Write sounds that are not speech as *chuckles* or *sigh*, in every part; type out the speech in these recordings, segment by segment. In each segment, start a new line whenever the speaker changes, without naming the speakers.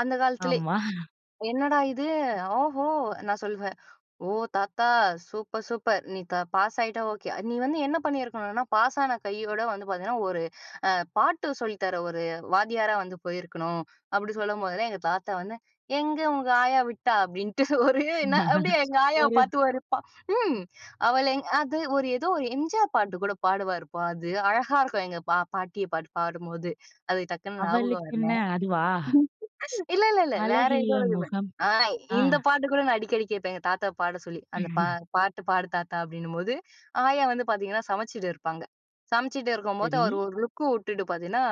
அந்த காலத்திலே,
ஆமா
"என்னடா இது! ஓஹோ!" நான் சொல்வேன். ஓ! தாத்தா சூப்பர்! சூப்பர்! நீ த பாஸ் ஆயிட்டா ஓகே. நீ வந்து என்ன பண்ணியிருக்கணுனா, "பாஸான கையோட வந்து பாத்தீங்கன்னா, ஒரு அ பாட்டு சொல்லி தர ஒரு வாத்தியாரா வந்து போயிருக்கணும்." அப்பிடி சொல்லம்போதெல்லாம் எங்க தாத்தா வந்து, "எங்க உங்க ஆயா விட்டா!" அப்பிடின்ட்டு ஒரு, என்ன அப்பிடியே
*laughs*
எங்கள் ஆயாவ
ஒரு
பாத்து ஒரு பா ம் அவள எங் அது ஒரு ஏதோ ஒரு எம்ஜிஆர் பாட்டு கூட பாடுவாருப்பா! அது, அழகா இருக்கும். எங்க பா பாட்டிய பாட்டு பாடும்போது. அது டக்குனு ஞாபகம் வரல.
அவளுக்கென்ன, அதுவா?
*laughs* இல்ல இல்ல இல்ல. வேற ஏதோ
அழகிய
வருமே!
முகம்.
ஆ,
ஆ.
இந்த பாட்டு கூட நான் அடிக்கடி கேப்பேன். எங்க தாத்தாவ பாட சொல்லி. அந்த "பா
*unintelligible*
பாட்டு பாடு தாத்தா!" அப்பிடின்னும்போது, ஆயா வந்து பாத்தீங்கன்னா சமச்சிட்டு இருப்பாங்க. சமச்சிட்டு இருக்கும்போது,
சரி.
அவருஒரு லுக் விட்டுட்டு பாத்தீங்கன்னா,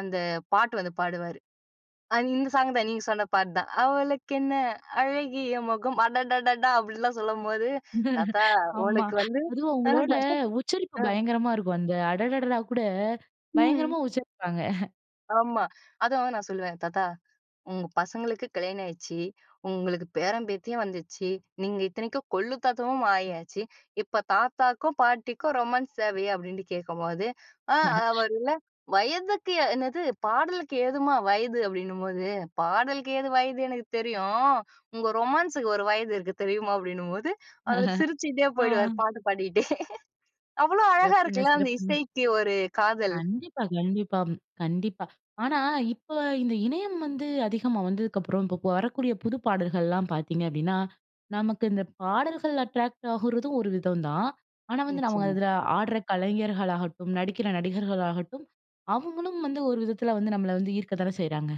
அந்த பாட்டு வந்து பாடுவாரு. அ இந்த சாங் தான். நீங்க சொன்ன பாட்டு தான். அவளுக்கு என்ன அழகிய முகம், அடடடடா! அப்பிடின்லாம் சொல்லும்போது, தாத்தா
*laughs* ஆமா.
உனக்கு வந்து
அதுவும் அவுங்களோட
*unintelligible*
உச்சரிப்பு
ஆ.
பயங்கரமா இருக்கும். அந்த அடடடா! கூட,
ம்.
பயங்கரமா உச்சரிப்பாங்க. *chuckles*
ஆமா. அதுவும் நான் சொல்லுவேன். தாத்தா "உங்க பசங்களுக்கு கல்யாணம் ஆயிடுச்சு. உங்களுக்கு பேரன், பேத்தியும் வந்துச்சு. நீங்க இத்தனைக்கும் கொள்ளு தாத்தாவும் ஆயாச்சு. இப்ப தாத்தாக்கும் பாட்டிக்கும் ரொமான்ஸ் தேவையா?" அப்பிடின்ட்டு கேட்கும்போது, அ,
*chuckles*
அவருல வயதுக்கு என்னது பாடலுக்கு ஏதும்மா வயது? அப்பிடின்னும்போது, "பாடலுக்கு ஏது வயது, எனக்கு தெரியும். உங்க ரொமான்ஸுக்கு ஒரு வயது இருக்கு தெரியுமா?" அப்பிடின்னும்போது அவரு
*laughs*
சிரிச்சுகிட்டே போயிடுவாரு,
ஆ.
பாட்டு பாடிட்டே. அவ்ளோ அழகா
சிறப்புங்க,
இருக்குல்ல, அந்த
சிறப்புங்க.
இசைக்கு ஒரு காதல்.
கண்டிப்பா. கண்டிப்பா, கண்டிப்பா. ஆனா, இப்ப இந்த இணையம் வந்து அதிகமா வந்ததுக்கப்புறம், இப்ப வரக்கூடிய புது பாடல்கள்லாம் பாத்தீங்க அப்பிடின்னா, நமக்கு இந்த பாடல்கள் அட்ராக்ட் ஆகுறதும் ஒரு விதந்தான். ஆனா வந்து, நம்ம
நிச்சயமா.
அதில ஆடுற கலைஞர்களாகட்டும், நடிக்கிற நடிகர்களாகட்டும், அவுங்களும் வந்து ஒரு விதத்தில வந்து, நம்மள வந்து ஈர்க்க தான செய்றாங்க.